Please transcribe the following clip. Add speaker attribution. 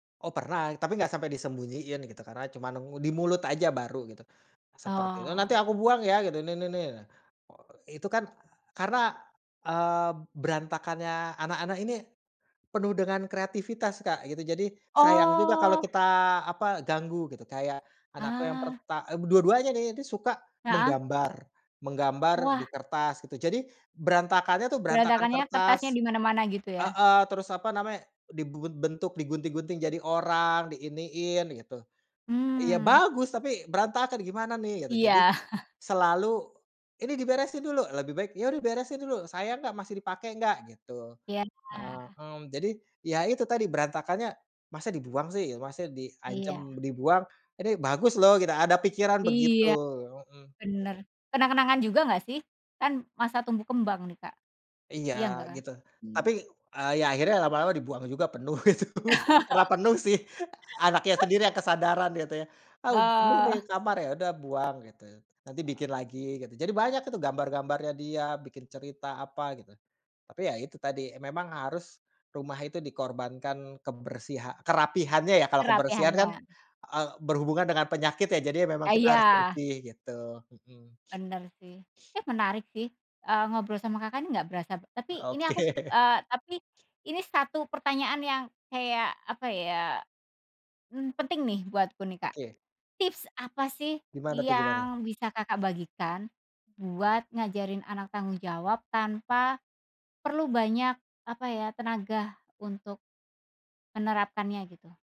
Speaker 1: Oh pernah tapi enggak sampai disembunyiin gitu karena cuman nengu di mulut aja baru gitu, seperti itu, "Nanti
Speaker 2: Oh.
Speaker 1: aku buang ya!" gitu nih nih nih. Itu kan karena, eee, berantakannya anak-anak ini, penuh dengan kreativitas Kak gitu, jadi sayang juga kalau
Speaker 2: Oh.
Speaker 1: kita apa ganggu gitu kayak anakku yang
Speaker 2: Ah.
Speaker 1: perta eee, dua-duanya nih, dia suka
Speaker 2: Heeh.
Speaker 1: menggambar menggambar di
Speaker 2: Wah.
Speaker 1: kertas gitu jadi, berantakannya tuh berantakan
Speaker 2: Berantakannya kertasnya
Speaker 1: kertas.
Speaker 2: di mana-mana gitu ya?
Speaker 1: Heeh, terus apa namanya dibungun bentuk digunting-gunting jadi orang di iniin gitu. Ya
Speaker 2: Mmm.
Speaker 1: bagus tapi berantakan gimana nih gitu jadi,
Speaker 2: Iya.
Speaker 1: selalu, "Ini diberesin dulu!" lebih baik, "Ya udah beresin dulu sayang enggak? Masih dipakai enggak?" gitu,
Speaker 2: Iya.
Speaker 1: heeh, mmm, jadi ya itu tadi berantakannya masa dibuang sih masa diancam
Speaker 2: Iya.
Speaker 1: dibuang, ini bagus loh gitu ada pikiran begitu,
Speaker 2: Iya,
Speaker 1: mhm.
Speaker 2: bener kenang-kenangan juga nggak sih? Kan masa tumbuh kembang nih Kak,
Speaker 1: Iya
Speaker 2: iya nggak Kak?
Speaker 1: gitu tapi,
Speaker 2: Mmm.
Speaker 1: eee, ya akhirnya lama-lama dibuang juga penuh itu karena penuh sih. Anaknya sendiri yang kesadaran gitu ya, ah, penuh nih
Speaker 2: Eee.
Speaker 1: kamar ya udah buang gitu, nanti bikin
Speaker 2: Eee.
Speaker 1: lagi gitu jadi banyak tuh gambar-gambarnya dia bikin cerita apa gitu, tapi ya itu tadi e memang harus, rumah itu dikorbankan kebersiha kerapihannya ya, kalau kebersihan kan,
Speaker 2: Kerapihannya.
Speaker 1: eee, berhubungan dengan penyakit ya jadi memang
Speaker 2: Ah
Speaker 1: kita harus
Speaker 2: iya.
Speaker 1: bersih gitu, mhm.
Speaker 2: Bener sih ya menarik sih, eee, ngobrol sama Kakak nih nggak berasa. Tapi ini aku,
Speaker 1: Oke.
Speaker 2: eee, tapi, ini 1 pertanyaan yang kayak apa ya, mmm, penting nih buatku nih Kak,
Speaker 1: Oke.
Speaker 2: tips apa sih
Speaker 1: Gimana tuh gimana?
Speaker 2: yang bisa Kakak bagikan, buat ngajarin anak tanggung jawab tanpa, perlu banyak apa ya, tenaga untuk, menerapkannya gitu?